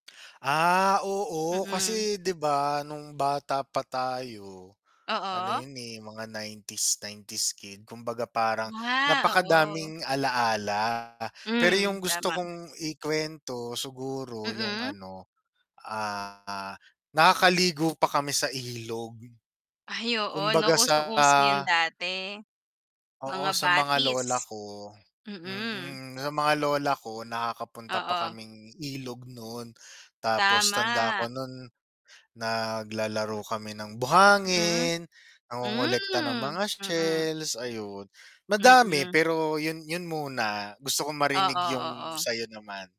Ah, oo, Mm. kasi, 'di ba nung bata pa tayo, ano Oo. yun, eh, mga 90s, 90s kid, kumbaga parang, Ah, oo. napakadaming alaala pero Hmm, yung gusto tama. kong ikuwento siguro yung Mm. ano, ah, nakakaligo pa kami sa ilog, Ay oo 'no, kumbaga sa usong-uso yun dati, mga oo, sa mga batis. lola ko Mm. mm, sa mga lola ko, nakakapunta pa Oo. kaming ilog nun, tapos tanda Tama. ko nun, naglalaro kami ng Mm, buhangin, nangongolekta ng hmm, mga mm. shells ayun, madami Mm. pero yun yun muna gusto kong marinig Oo, yung oo. sayo naman.